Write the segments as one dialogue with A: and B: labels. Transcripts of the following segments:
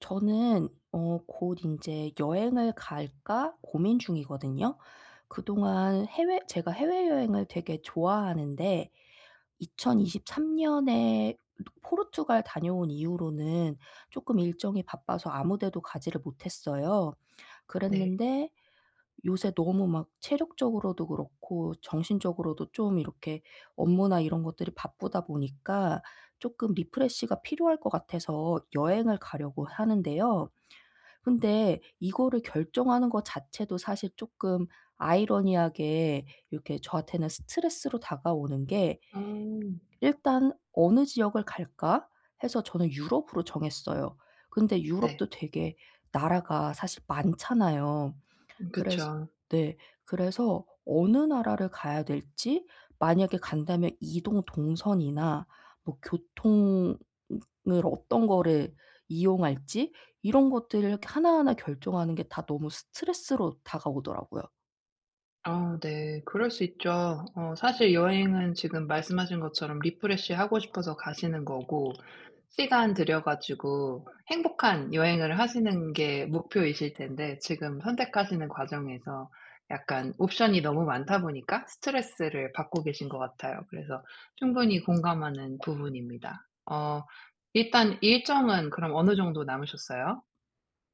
A: 저는 어 곧 인제 '여행을 갈까?' 고민 중이거든요. 그동안 해외 제가 해외여행을 되게 좋아하는데 2023 년에 포르투갈 다녀온 이후로는 쪼끔 일정이 바빠서 아무 데도 가지를 못했어요.
B: 네.
A: 그랬는데 요새 너무 막 체력적으로도 그렇고 정신적으로도 좀 이렇게 업무나 이런 것들이 바쁘다 보니까 쪼끔 리프레시가 필요할 것 같아서 여행을 가려고 하는데요. 근데 이거를 결정하는 거 자체도 사실 쪼끔 아이러니하게 이렇게 저한테는 스트레스로 다가오는 게
B: 음.
A: 일단 '어느 지역을 갈까?' 해서 저는 유럽으로 정했어요. 근데
B: 네.
A: 유럽도 되게 나라가 사실 많잖아요. 그래서
B: 그쵸.
A: 네. 그래서 어느 나라를 가야 될지 만약에 간다면 이동 동선이나 뭐 교통은 을 어떤 거를 이용할지 이런 것들을 이렇게 하나하나 결정하는 게 다 너무 스트레스로 다가오더라고요.
B: 아 네. 그럴 수 있죠. 어 사실 여행은 지금 말씀하신 것처럼 리프레시하고 싶어서 가시는 거고 시간 들여 가지고 행복한 여행을 하시는 게 목표이실 텐데 지금 선택하시는 과정에서 약간 옵션이 너무 많다 보니까 스트레스를 받고 계신 것 같아요. 그래서 충분히 공감하는 부분입니다. 어 일단 일정은 그럼 어느 정도 남으셨어요?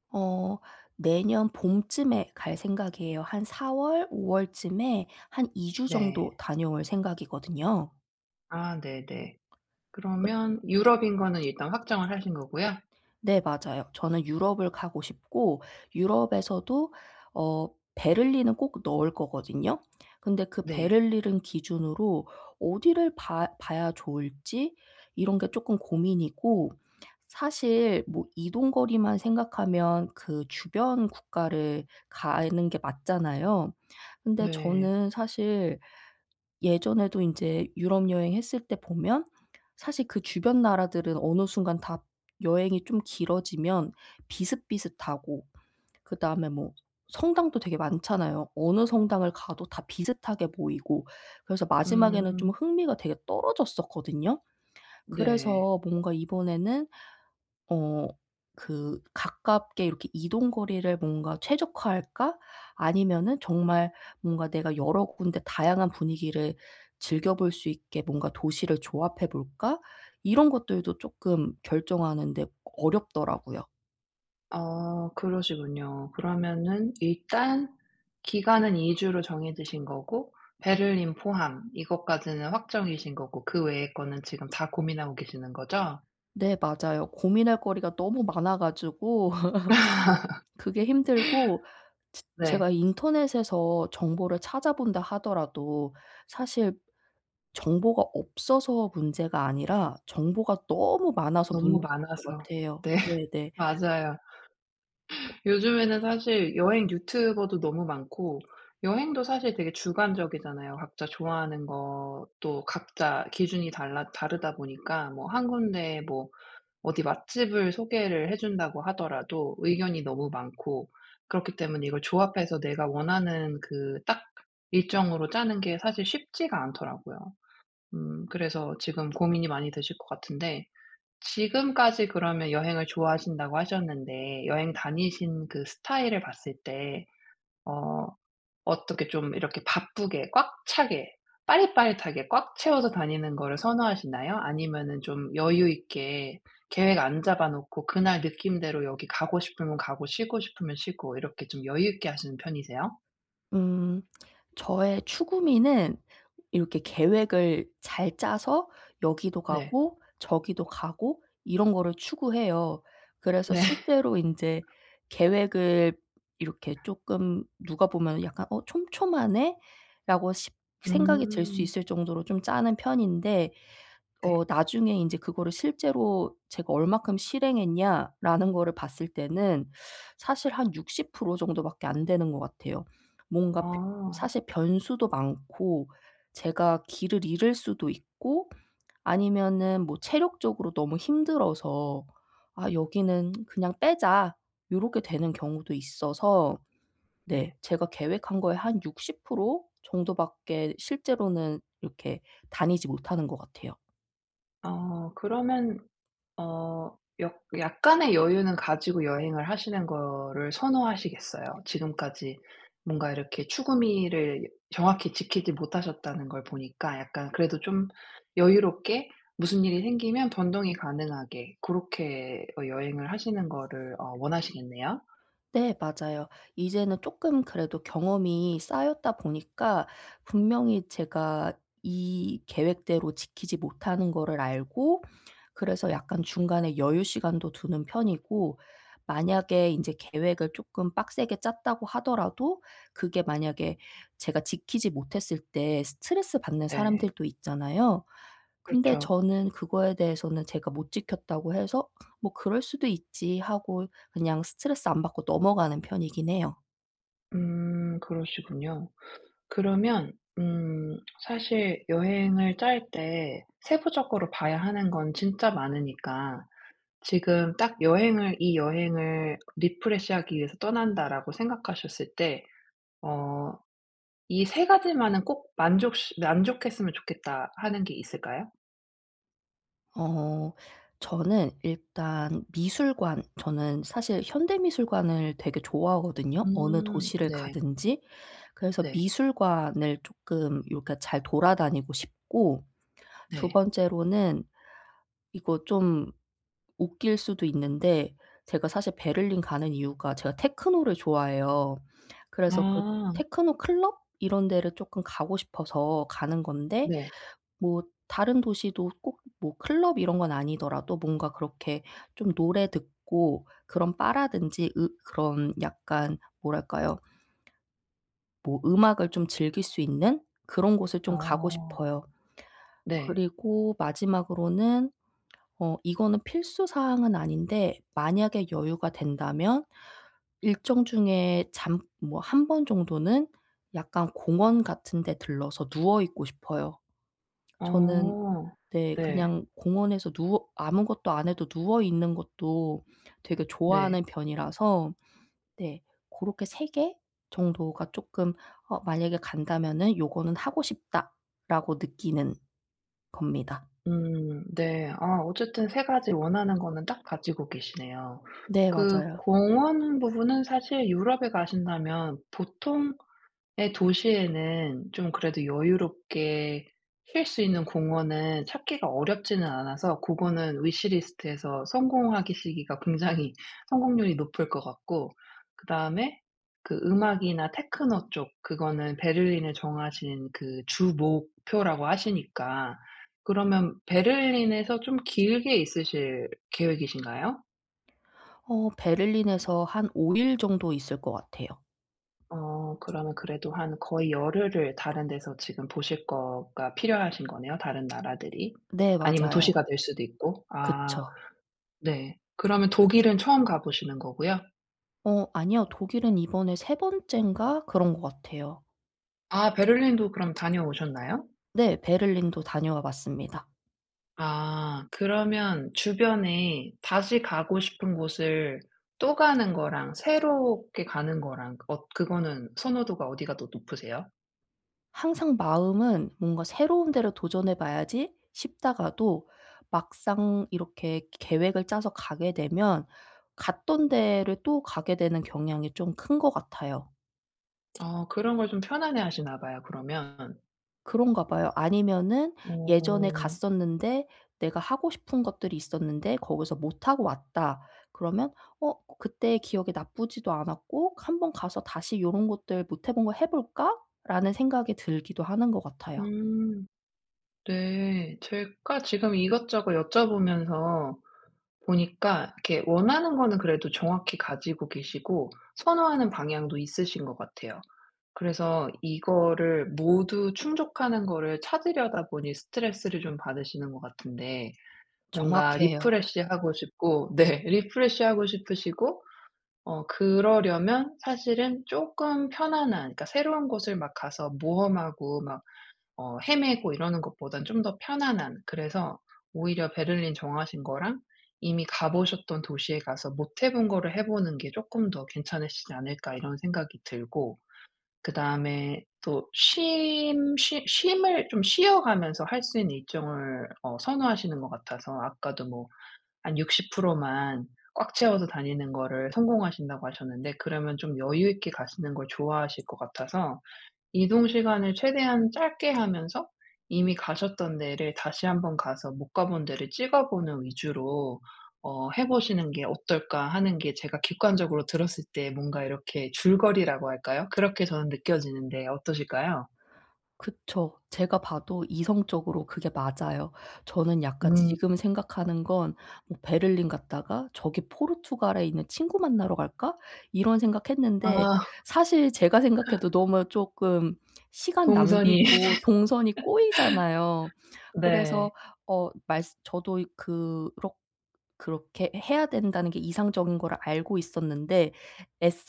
A: 어. 내년 봄쯤에 갈 생각이에요. 한 4 월 5 월쯤에 한 2 주
B: 네.
A: 정도 다녀올 생각이거든요.
B: 아 네네.
A: 그렇
B: 그러면 유럽인 거는 일단 확정을 하신 거고요?
A: 네 맞아요. 저는 유럽을 가고 싶고 유럽에서도 어 베를린은 꼭 넣을 거거든요. 근데 그
B: 네.
A: 베를린은 기준으로 어디를 봐 봐야 좋을지 이런 게 쪼끔 고민이고 사실 뭐 이동 거리만 생각하면 그 주변 국가를 가는 게 맞잖아요. 근데
B: 네.
A: 저는 사실 예전에도 인제 유럽 여행했을 때 보면 사실 그 주변 나라들은 어느 순간 다 여행이 좀 길어지면 비슷비슷하고 그다음에 뭐 성당도 되게 많잖아요. 어느 성당을 가도 다 비슷하게 보이고 그래서 마지막에는 좀
B: 음.
A: 흥미가 되게 떨어졌었거든요.
B: 네.
A: 그래서 뭔가 이번에는 어 그 '가깝게 이렇게 이동 거리를 뭔가 최적화할까? 아니면은 정말 뭔가 내가 여러 군데 다양한 분위기를 즐겨볼 수 있게 뭔가 도시를 조합해 볼까?' 이런 것들도 쪼끔 결정하는데 어렵더라고요.
B: 아 그러시군요. 그러면은 일단 기간은 2 주로 정해지신 거고 베를린 포함 이것까지는 확정이신 거고 그 외의 거는 지금 다 고민하고 계시는 거죠?
A: 네 맞아요. 고민할 거리가 너무 많아 가지고 그게 힘들고 즈 제가
B: 네.
A: 인터넷에서 정보를 찾아본다 하더라도 사실 정보가 없어서 문제가 아니라 정보가 너무 많아서 문제인
B: 너무
A: 것
B: 많아서.
A: 같아요.
B: 네.
A: 네네.
B: 맞아요.
A: 그
B: 요즘에는 사실 여행 유튜버도 너무 많고. 여행도 사실 되게 주관적이잖아요. 각자 좋아하는 것도 각자 기준이 달라 다르다 보니까 뭐 1 군데 뭐 어디 맛집을 소개를 해준다고 하더라도 의견이 너무 많고. 그렇기 때문에 이걸 조합해서 내가 원하는 그 딱 일정으로 짜는 게 사실 쉽지가 않더라고요. 음 그래서 지금 고민이 많이 되실 것 같은데. 지금까지 그러면 여행을 좋아하신다고 하셨는데 여행 다니신 그 스타일을 봤을 때 어 어떻게 좀 이렇게 바쁘게 꽉 차게 빠릿빠릿하게 꽉 채워서 다니는 거를 선호하시나요? 아니면은 좀 여유 있게 계획 안 잡아 놓고 그날 느낌대로 여기 가고 싶으면 가고 쉬고 싶으면 쉬고 이렇게 좀 여유 있게 하시는 편이세요?
A: 음. 저의 추구미는 이렇게 계획을 잘 짜서 여기도
B: 네.
A: 가고 저기도 가고 이런 거를 추구해요. 그래서
B: 네.
A: 실제로 인제 계획을 이렇게 쪼끔 누가 보면은 약간 어 '촘촘하네.'라고 십 생각이 들 수
B: 음.
A: 있을 정도로 좀 짜는 편인데
B: 네.
A: 어 나중에 인제 그거를 '실제로 제가 얼마큼 실행했냐.'라는 거를 봤을 때는 사실 한 60% 정도밖에 안 되는 것 같아요. 뭔가 벼
B: 아.
A: 사실 변수도 많고 제가 길을 잃을 수도 있고 아니면은 뭐 체력적으로 너무 힘들어서 '아 여기는 그냥 빼자.' 요렇게 되는 경우도 있어서
B: 네.
A: 네. 제가 계획한 거의 한 60% 정도밖에 실제로는 이렇게 다니지 못하는 것 같아요.
B: 어. 그러면 어 역 약간의 여유는 가지고 여행을 하시는 거를 선호하시겠어요? 지금까지 뭔가 이렇게 추구 미를 정확히 지키지 못하셨다는 걸 보니까 약간 그래도 좀 여유롭게 무슨 일이 생기면 변동이 가능하게 고렇게 어 여행을 하시는 거를 어 원하시겠네요?
A: 네 맞아요. 이제는 쪼끔 그래도 경험이 쌓였다 보니까 분명히 제가 이 계획대로 지키지 못하는 거를 알고 그래서 약간 중간에 여유 시간도 두는 편이고 만약에 인제 계획을 조금 빡세게 짰다고 하더라도 그게 만약에 제가 지키지 못했을 때 스트레스받는
B: 네.
A: 사람들도 있잖아요. 근데
B: 그렇죠.
A: 저는 그거에 대해서는 제가 못 지켰다고 해서 '뭐 그럴 수도 있지.' 하고 그냥 스트레스 안 받고 넘어가는 편이긴 해요.
B: 음 그러시군요. 그러면 음 사실 여행을 짤 때 세부적으로 봐야 하는 건 진짜 많으니까 지금 딱 여행을 이 여행을' 리프레시 하기 위해서 떠난다.'라고 생각하셨을 때 어 '이 3 가지만은 꼭 만족시 만족했으면 좋겠다.' 하는 게 있을까요?
A: 어 저는 일단 미술관. 저는 사실 현대 미술관을 되게 좋아하거든요, 어느
B: 음
A: 도시를
B: 네.
A: 가든지. 그래서
B: 네.
A: 미술관을 쪼끔 요 그러니까 잘 돌아다니고 싶고. 2
B: 네.
A: 번째로는 이거 좀 웃길 수도 있는데 제가 사실 베를린 가는 이유가 제가 테크노를 좋아해요. 그래서 그
B: 아.
A: 테크노 클럽 이런 데를 쪼끔 가고 싶어서 가는 건데
B: 네.
A: 뭐 다른 도시도 꼭 뭐 클럽 이런 건 아니더라도 뭔가 그렇게 좀 노래 듣고 그런 바라든지 으 그런 약간 뭐랄까요. 뭐 음악을 좀 즐길 수 있는 그런 곳을 좀 가고
B: 어.
A: 싶어요.
B: 네.
A: 그리고 마지막으로는 어 이거는 필수 사항은 아닌데 만약에 여유가 된다면 일정 중에 잠 뭐 1 번 정도는 약간 공원 같은 데 들러서 누워 있고 싶어요. 저는
B: 어.
A: 네.
B: 네.
A: 그냥 공원에서 누워 아무것도 안 해도 누워 있는 것도 되게
B: 네.
A: 좋아하는 편이라서 네. 고렇게 3 개 정도가 쪼끔 어 '만약에 간다면은 요거는 하고 싶다.'라고 느끼는 겁니다.
B: 음 네. 아 어쨌든 3 가지 원하는 거는 딱 가지고 계시네요.
A: 네
B: 그
A: 맞아요.
B: 공원 부분은 사실 유럽에 가신다면 보통의 도시에는 좀 그래도 여유롭게 쉴 수 있는 공원은 찾기가 어렵지는 않아서 고거는 위시 리스트에서 성공하기 시기가 굉장히 성공률이 높을 것 같고 그다음에 그 음악이나 테크노 쪽 그거는 베를린을 정하신 그 주목표라고 하시니까 그러면 베를린에서 좀 길게 있으실 계획이신가요?
A: 어 베를린에서 한 5 일 정도 있을 것 같아요.
B: 어 그러면 그래도 한 거의 열흘을 다른 데서 지금 보실 거가 필요하신 거네요, 다른 나라들이?
A: 네
B: 아니면
A: 맞아요.
B: 도시가 될 수도 있고. 아.
A: 그쵸.
B: 네. 그러면 독일은 처음 가 보시는 거고요?
A: 어 아니요. 독일은 이번에 3 번짼가 그런 거 같아요.
B: 아 베를린도 그럼 다녀오셨나요?
A: 네 베를린도 다녀와 봤습니다.
B: 아. 그러면 주변에 다시 가고 싶은 곳을 또 가는 거랑 새롭게 가는 거랑 엇 그거는 선호도가 어디가 더 높으세요?
A: 항상 마음은 '뭔가 새로운 데를 도전해 봐야지.' 싶다가도 막상 이렇게 그 계획을 짜서 가게 되면 갔던 데를 또 가게 되는 경향이 좀 큰 것 같아요.
B: 어 그런 걸 좀 편안해하시나 봐요 그러면.
A: 그런가 봐요. 아니면은 예전에
B: 오.
A: 갔었는데 내가 하고 싶은 것들이 있었는데 거기서 못하고 왔다 그러면 어 그때 기억이 나쁘지도 않았고 한번 가서 다시 이런 것들 '못해 본 거 해볼까?'라는 생각이 들기도 하는 것 같아요.
B: 음. 네. 제가 지금 이것저것 여쭤보면서 보니까 이렇게 원하는 거는 그래도 정확히 가지고 계시고 선호하는 방향도 있으신 것 같아요. 그래서 이거를 모두 충족하는 거를 찾으려다 보니 스트레스를 좀 받으시는 것 같은데. 뭔가
A: 정확해요.
B: refresh 하고 싶고 네. refresh 하고 싶으시고. 어 그러려면 사실은 조금 편안한 그러니까 새로운 곳을 막 가서 모험하고 막 어 헤매고 이러는 것보단 좀 더 편안한. 그래서 오히려 베를린 정하신 거랑 이미 가 보셨던 도시에 가서 못 해 본 거를 해 보는 게 '조금 더 괜찮으시지 않을까?' 이런 생각이 들고. 그다음에 또 쉼 쉬 쉼을 좀 쉬어 가면서 할 수 있는 일정을 어 선호하시는 것 같아서 아까도 뭐 한 60% 만 꽉 채워서 다니는 거를 성공하신다고 하셨는데 그러면 좀 여유 있게 가시는 걸 좋아하실 것 같아서 이동시간을 최대한 짧게 하면서 이미 가셨던 데를 다시 한번 가서 '못 가 본 데를 찍어보는 위주로 어 해보시는 게 어떨까?' 하는 게 제가 객관적으로 들었을 때 뭔가 이렇게 줄거리라고 할까요? 그렇게 저는 느껴지는데 어떠실까요?
A: 그쵸. 제가 봐도 이성적으로 그게 맞아요. 저는 약간
B: 음.
A: 지금 생각하는 건 뭐 '베를린 갔다가 저기 포르투갈에 있는 친구 만나러 갈까?' 이런 생각했는데.
B: 아.
A: 사실 제가 생각해도
B: [unintelligible]
A: 너무 쪼끔 시간
B: 동선이.
A: 낭비고 동선이 꼬이잖아요.
B: 네.
A: 그래서 어 말쓰 저도 이 그럭 그렇게 해야 된다는 게 이상적인 거를 알고 있었는데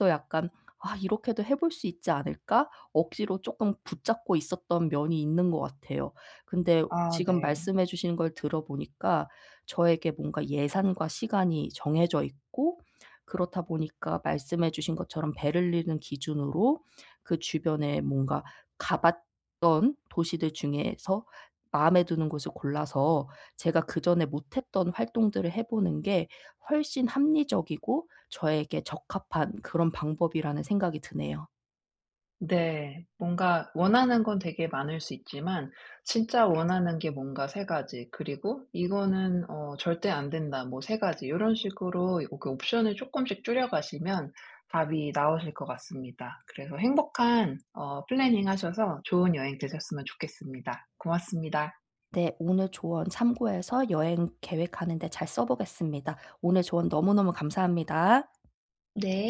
A: 애써 약간 '아 이렇게도 해 볼 수 있지 않을까?' 억지로 쪼끔 붙잡고 있었던 면이 있는 것 같아요. 근데
B: 아
A: 지금
B: 네.
A: 말씀해 주신 걸 들어 보니까 저에게 뭔가 예산과 시간이 정해져 있고 그렇다 보니까 말씀해 주신 것처럼 베를린을 기준으로 그 주변에 뭔가 가봤던 도시들 중에서 마음에 드는 곳을 골라서 제가 그전에 못했던 활동들을 해 보는 게 훨씬 합리적이고 저에게 적합한 그런 방법이라는 생각이 드네요.
B: 네. 뭔가 원하는 건 되게 많을 수 있지만 진짜 원하는 게 뭔가 3 가지 그리고 이거는 어 절대 안 된다 뭐 3 가지 요런 식으로 그 옵션을 조금씩 줄여가시면 답이 나오실 것 같습니다. 그래서 행복한 어 planning 하셔서 좋은 여행 되셨으면 좋겠습니다. 고맙습니다.
A: 네. 오늘 조언 참고해서 여행 계획하는데 잘 써보겠습니다. 오늘 조언 너무너무 감사합니다.
B: 네.